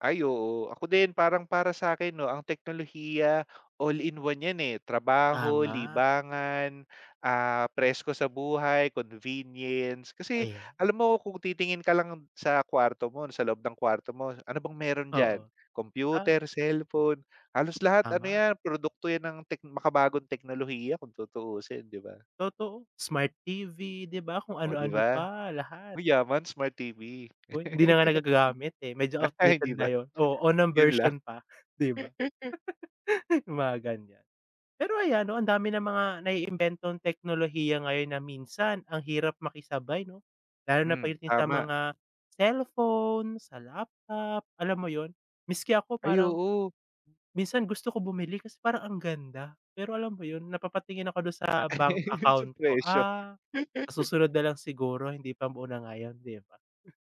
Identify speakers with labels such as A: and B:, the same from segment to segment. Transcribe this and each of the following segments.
A: Ay, oo. Ako din, parang para sa'kin, 'no, ang teknolohiya, all in one yan, eh. Trabaho,
B: Tama.
A: libangan, ah, presko sa buhay, convenience. Kasi
B: Ayan.
A: alam mo, kung titingin ka lang sa kwarto mo, na sa loob ng kwarto mo, ano bang meron diyan?
B: Oo. Ah
A: Computer, cellphone, halos lahat, ano
B: Tama.
A: yan, produkto yan ng tek makabagong teknolohiya, kung tutuusin, 'di ba?
B: Totoo, Smart TV di ba, kung
A: Oh, di
B: ano-ano
A: ba?
B: pa, lahat.
A: Uy, yaman Smart TV.
B: Hoy, hindi na nga nagagagamit, eh. Medyo
A: Ah,
B: outdated
A: hindi
B: na
A: ba?
B: yon. Oh, unang
A: Yun lang.
B: version pa, 'di ba? Yung mga ganyan. Pero ayan, 'no, ang dami ng mga naiimbentong teknolohiya ngayon na minsan ang hirap makisabay, 'no? Lalo na
A: Hmm,
B: pagdating sa
A: tama.
B: mga cellphone, sa laptop, alam mo yon? Miski ako,
A: Ay,
B: parang
A: oo.
B: minsan gusto ko bumili kasi parang ang ganda. Pero alam mo 'yon, napapatingin ako dun sa bank
A: Yun sa
B: account ko,
A: presyo.
B: "Ah, sa susunod na lang siguro, hindi pa muna ngayon." di ba?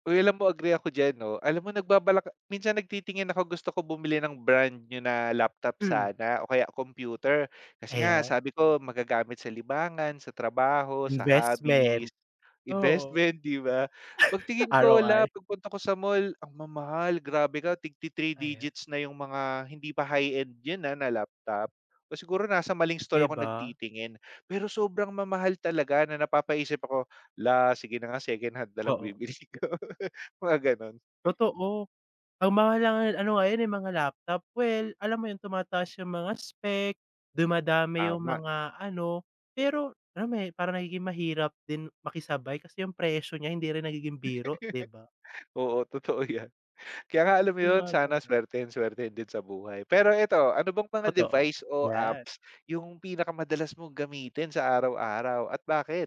A: Uy, alam mo, agree ako diyan, 'no? Alam mo, nagbabalak minsan, nagtitingin ako, gusto ko bumili ng brand new na laptop
B: Mm.
A: sana o kaya computer kasi nga,
B: Ayan.
A: sabi ko magagamit sa libangan, sa trabaho, sa
B: Investment.
A: hobbies,
B: Oo.
A: investment, di ba? Pagtingin ko, hala,
B: ROI.
A: pagpunta ko sa mall, ang mamahal, grabe ka, tig-ti-three
B: Aya
A: digits na yung mga hindi pa high-end yan, ah, na laptop. O siguro nasa maling store
B: Di
A: ako
B: ba?
A: nagtitingin. Pero sobrang mamahal talaga na napapaisip ako, "Hala, sige na nga, secondhand na lang
B: Oo.
A: bibilhin ko." mga gano'n.
B: Totoo, ang mahal na nga ano, ngayon, eh, mga laptop. Well, alam mo yun, tumataas yung mga spec, dumadami yung
A: Tama.
B: mga ano Pero RAM, eh, parang nagiging mahirap din makisabay kasi yung presyo niya hindi rin nagiging biro, 'di ba?
A: Oo, totoo yan. Kaya nga, alam mo
B: Yung
A: yun,
B: mga
A: sana
B: ganyan.
A: swertehin-swertehin din sa buhay. Pero eto, ano bang mga
B: Totoo.
A: device o
B: Yan.
A: apps yung pinakamadalas mong gamitin sa araw-araw at bakit?